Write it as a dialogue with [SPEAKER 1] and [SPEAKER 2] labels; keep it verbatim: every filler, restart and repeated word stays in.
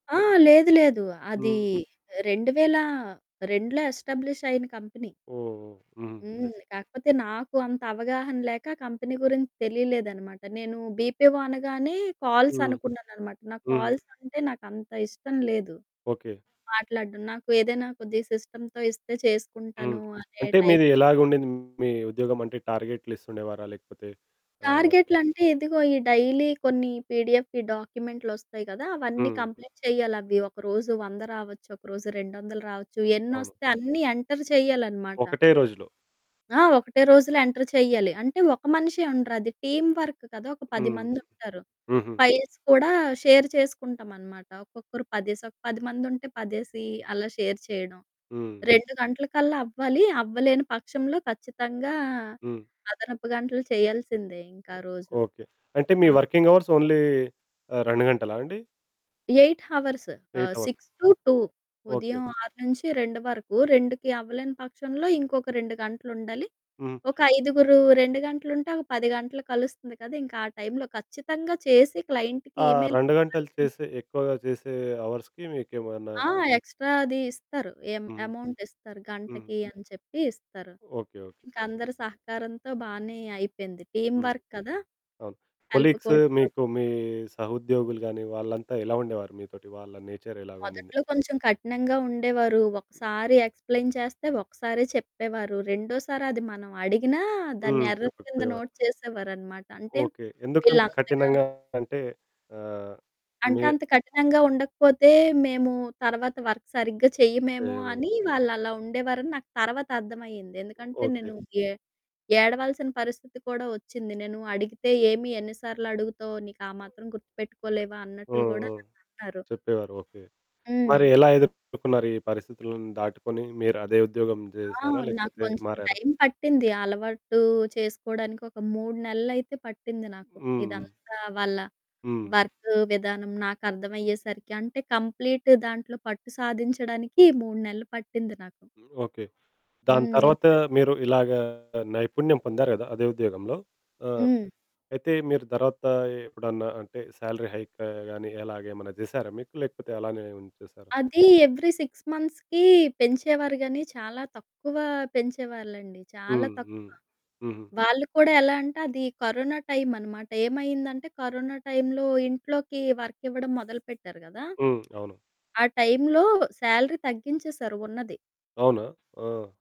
[SPEAKER 1] ఆ! లేదు, లేదు, అది
[SPEAKER 2] హ్మ్.
[SPEAKER 1] రెండువేల రెండులో ఎస్టాబ్లిష్ అయిన కంపెనీ.
[SPEAKER 2] ఓహ్! హ్మ్.
[SPEAKER 1] హ్మ్,
[SPEAKER 2] గ్రేట్.
[SPEAKER 1] కాకపోతే నాకు అంత అవగాహన లేక కంపెనీ గురించి తెలియలేదనమాట, నేను బీపీఓ అనగానే కాల్స్
[SPEAKER 2] హ్మ్.
[SPEAKER 1] అనుకున్నాననమాట. నాకు
[SPEAKER 2] హ్మ్.
[SPEAKER 1] కాల్స్ అంటే నాకు అంత ఇష్టం లేదు.
[SPEAKER 2] ఓకె.
[SPEAKER 1] మాట్లాడడం నాకు ఏదైనా కొద్దిగా సిస్టమ్‌తో ఇస్తే చేసుకుంటాను
[SPEAKER 2] హ్మ్.
[SPEAKER 1] అనే
[SPEAKER 2] అంటే
[SPEAKER 1] టైప్.
[SPEAKER 2] మీది ఎలాగా ఉండింది మీ ఉద్యోగం అంటే, టార్గెట్లిస్తుండేవారా? లేకపోతే ఆహ్
[SPEAKER 1] టార్గెట్లంటే ఇదిగో ఈ డైలీ కొన్ని పిడిఎఫ్ డాక్యుమెంట్లు వొస్తాయి కదా! అవన్నీ
[SPEAKER 2] హ్మ్.
[SPEAKER 1] కంప్లీట్ చేయాలవి. ఒకరోజు వంద రావచ్చు, ఒకరోజు రెండు వందలు రావచ్చు.
[SPEAKER 2] అవును.
[SPEAKER 1] ఎన్నొస్తే అన్ని ఎంటర్ చేయాలనమాట.
[SPEAKER 2] ఒకటే రోజులో.
[SPEAKER 1] ఆ! ఒకటే రోజులో ఎంటర్ చేయాలి. అంటే ఒక మనిషే ఉండరు అది టీమ్ వర్క్ కదా! ఒక పది
[SPEAKER 2] హ్మ్.
[SPEAKER 1] మందుంటారు.
[SPEAKER 2] హుహు.
[SPEAKER 1] ఫైల్స్ కూడా షేర్ చేసుకుంటామనమాట. ఒక్కొక్కరు పదేసి, ఒక పది మంది ఉంటే, పదేసి అలా షేర్ చేయడం.
[SPEAKER 2] హ్మ్. హ్మ్.
[SPEAKER 1] రెండు గంటలకల్లా అవ్వాలి, అవ్వలేని పక్షంలో, ఖచ్చితంగా
[SPEAKER 2] హ్మ్.
[SPEAKER 1] అదనపు గంటలు చేయాల్సిందే ఇంకా ఆ రోజు.
[SPEAKER 2] ఓకె. అంటే మీ
[SPEAKER 1] ఆ!
[SPEAKER 2] వర్కింగ్ అవర్స్ ఓన్లీ ఆహ్, రెండు గంటలా అండి?
[SPEAKER 1] ఎయిట్ హవర్స్, ఆహ్,
[SPEAKER 2] eight hours
[SPEAKER 1] six to two
[SPEAKER 2] okay. Okay.
[SPEAKER 1] ఉదయం ఆరు నుంచి రెండు వరకు. రెండు అవ్వలేని పక్షంలో ఇంకొక రెండు గంటలు ఉండాలి.
[SPEAKER 2] హ్మ్.
[SPEAKER 1] ఒక ఐదుగురు, రెండు గంటలు ఉంటే, ఒక పది గంటలు కలుస్తుంది కదా! ఇంకా ఆ టైంలో ఖచ్చితంగా చేసి క్లయింట్‌కి
[SPEAKER 2] ఆ
[SPEAKER 1] ఈమెయిల్
[SPEAKER 2] రెండు గంటలు
[SPEAKER 1] పంపాల్సిందె.
[SPEAKER 2] చేసే, ఎక్కువగా చేసే అవర్స్‌కి మీకేమన్నా
[SPEAKER 1] ఆ! ఎక్స్ట్రా అది ఇస్తారు ఎ
[SPEAKER 2] హ్మ్.
[SPEAKER 1] అమౌంట్ ఇస్తారు,
[SPEAKER 2] హ్మ్.
[SPEAKER 1] గంటకి అని చెప్పి ఇస్తారు.
[SPEAKER 2] ఓకె. ఓకె.
[SPEAKER 1] ఇంకా అందరి సహకారంతో బానే అయిపోయింది టీమ్
[SPEAKER 2] హ్మ్.
[SPEAKER 1] వర్క్ కదా!
[SPEAKER 2] అవును
[SPEAKER 1] హెల్ప్
[SPEAKER 2] కొలీగ్స్
[SPEAKER 1] కూడ అవుతుంది.
[SPEAKER 2] మీకు, మీ సహోద్యోగులు గాని, వాళ్ళంతా ఎలా ఉండేవారు మీతోటి వాళ్ళ నేచర్ ఎలా ఉండింది?
[SPEAKER 1] మొదట్లో కొంచెం కఠినంగా ఉండేవారు. ఒకసారి ఎక్స్‌ప్లెయిన్ చేస్తే, ఒకసారే చెప్పేవారు. రెండోసారి అది మనం అడిగినా దాన్ని
[SPEAKER 2] హ్మ్,
[SPEAKER 1] ఎర్రర్
[SPEAKER 2] చెప్పక
[SPEAKER 1] కింద
[SPEAKER 2] పోయేవారు.
[SPEAKER 1] నోట్ చేసేవారన్నమాట. అంటే
[SPEAKER 2] ఓకె. ఎందుకంత
[SPEAKER 1] ఈళ్ళంతగా
[SPEAKER 2] కఠినంగా అంటే ఆహ్,
[SPEAKER 1] అంటే
[SPEAKER 2] మే
[SPEAKER 1] అంత కఠినంగా ఉండకపోతే, మేము తర్వాత వర్క్ సరిగ్గా చెయ్యమేమో,
[SPEAKER 2] చేయమని.
[SPEAKER 1] అని వాళ్ళలా ఉండేవారని నాకు తర్వాత అర్థమయింది. ఎందుకంటే
[SPEAKER 2] ఓకె.
[SPEAKER 1] నేను ఏ ఏడవాల్సిన పరిస్థితి కూడా వొచ్చింది. నేను అడిగితే, "ఏమి ఎన్ని సార్లు అడుగుతావో నీకు ఆ మాత్రం గుర్తుపెట్టుకోలేవా"
[SPEAKER 2] ఆ!
[SPEAKER 1] అన్నట్లు కూడా
[SPEAKER 2] ఆ!
[SPEAKER 1] నన్నన్నారు.
[SPEAKER 2] చెప్పేవారు, ఓకె. మరి
[SPEAKER 1] హ్మ్.
[SPEAKER 2] ఎలా ఎదుర్కున్నారు ఈ పరిస్థితులను దాటుకొని మీరదే ఉద్యోగం
[SPEAKER 1] ఆ!
[SPEAKER 2] చేసారా
[SPEAKER 1] నాకు
[SPEAKER 2] లేకపోతే
[SPEAKER 1] కొంచెం
[SPEAKER 2] మారారా?
[SPEAKER 1] టైం పట్టింది అలవాటు చేసుకోవడానికి ఒక మూడు నెలలు అయితే పట్టింది నాకు.
[SPEAKER 2] హ్మ్. హ్మ్.
[SPEAKER 1] ఇదంతా వాళ్ళ
[SPEAKER 2] హ్మ్.
[SPEAKER 1] వర్క్ విధానం, నాకు అర్థమయ్యేసరికి అంటే కంప్లీట్ దాంట్లో పట్టు సాధించడానికి మూడు నెలలు పట్టింది నాకు.
[SPEAKER 2] ఓకె. దాని
[SPEAKER 1] హ్మ్. నే
[SPEAKER 2] తరువాత మీరు ఇలాగా నైపుణ్యం పొందారు గదా! అదే ఉద్యోగంలో. ఆహ్,
[SPEAKER 1] హ్మ్.
[SPEAKER 2] అయితే మీరు తర్వాత ఎప్పుడన్నా అంటే, సాలరీ హైక్ గాని ఇలాగ ఏమైనా చేసారా మీకు లేకపోతే అలానే ఉంచేసారా?
[SPEAKER 1] అది ఎవ్రీ సిక్స్ మంత్స్‌కి పెంచేవారు గానీ, చాలా తక్కువ పెంచేవాళ్ళండి చాలా
[SPEAKER 2] హ్మ్.
[SPEAKER 1] తక్కువ.
[SPEAKER 2] హ్మ్. హుహు.
[SPEAKER 1] వాళ్ళు కూడా ఎలా అంటే అది కరోనా టైమన్నమాట. ఏమైందంటే కరోనా టైంలో ఇంట్లోకి వర్క్ ఇవ్వడం మొదలుపెట్టారు కదా!
[SPEAKER 2] హ్మ్. అవును.
[SPEAKER 1] ఆ టైంలో సాలరీ తగ్గించేశారు ఉన్నది.
[SPEAKER 2] అవునా! ఆ!